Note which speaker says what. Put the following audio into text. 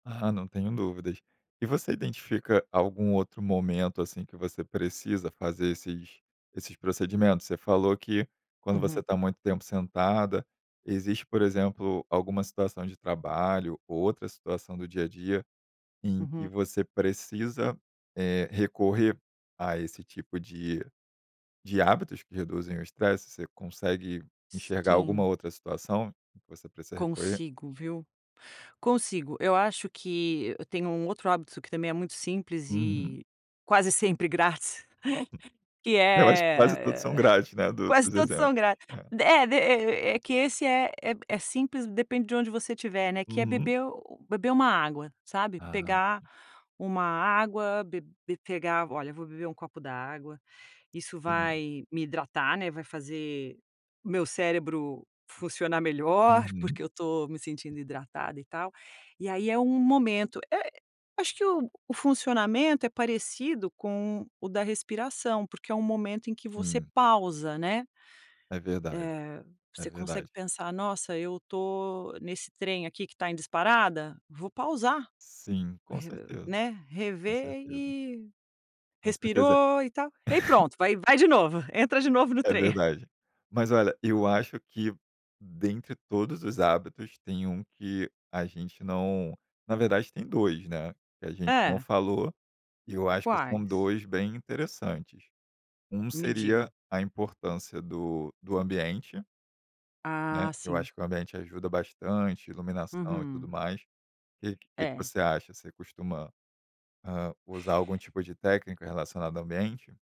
Speaker 1: Aham, não tenho dúvidas. E você identifica algum outro momento, assim, que você precisa fazer esses esses procedimentos? Você falou que, quando você
Speaker 2: Uhum.
Speaker 1: está muito tempo sentada, existe, por exemplo, alguma situação de trabalho ou outra situação do dia a dia em que
Speaker 2: Uhum.
Speaker 1: você precisa, eh, recorrer a esse tipo de de hábitos que reduzem o estresse? Você consegue enxergar alguma
Speaker 2: Sim.
Speaker 1: outra situação em que você precisa recorrer?
Speaker 2: Consigo, viu. Consigo. Eu acho que eu tenho um outro hábito que também é muito simples
Speaker 1: Uhum.
Speaker 2: e quase sempre grátis. Que
Speaker 1: Eu acho que quase todos são
Speaker 2: é
Speaker 1: grátis, né? Do
Speaker 2: quase
Speaker 1: dos
Speaker 2: todos
Speaker 1: exemplos.
Speaker 2: são grátis.
Speaker 1: Aham.
Speaker 2: É, de e e que esse é é simples, depende de onde você estiver, né, que é
Speaker 1: Uhum.
Speaker 2: beber u u beber uma água, sabe?
Speaker 1: Ah,
Speaker 2: Pegar
Speaker 1: sim.
Speaker 2: uma água, be be pegar, olha, vou beber um copo d’água. Isso
Speaker 1: Sim.
Speaker 2: vai me hidratar, né. Vai fazer o meu cérebro funcionar melhor, porque
Speaker 1: Uhum.
Speaker 2: eu tô me sentindo hidratada e tal. E aí é um momento. É, acho que o o funcionamento é parecido com o da respiração, porque é um momento em que você
Speaker 1: Sim.
Speaker 2: pausa, né?
Speaker 1: É verdade,
Speaker 2: Eh,
Speaker 1: é
Speaker 2: você consegue
Speaker 1: verdade.
Speaker 2: pensar: “Nossa, eu tô nesse trem aqui que tá em disparada, vou pausar”.
Speaker 1: Sim, com
Speaker 2: Re
Speaker 1: certeza.
Speaker 2: né,
Speaker 1: Com
Speaker 2: rever
Speaker 1: certeza.
Speaker 2: e
Speaker 1: Com certeza..
Speaker 2: respirou e tal, ai pronto, vai vai de novo, entra de novo no
Speaker 1: É
Speaker 2: trem.
Speaker 1: verdade. Mas olha, eu acho que dentre todos os hábitos tem um que a gente não na verdade tem 2, né? Que a gente não
Speaker 2: Hã.
Speaker 1: falou, e eu acho que são
Speaker 2: Quais?
Speaker 1: 2 bem interessantes. Um
Speaker 2: Me
Speaker 1: seria
Speaker 2: diga.
Speaker 1: a importância do do ambiente né.
Speaker 2: Ah,
Speaker 1: Eu
Speaker 2: sim.
Speaker 1: acho que o ambiente ajuda bastante, iluminação e tudo
Speaker 2: Uhum.
Speaker 1: mais. Que que que
Speaker 2: É.
Speaker 1: você acha? Você costuma, hã, usar algum tipo de técnica relacionada ao ambiente?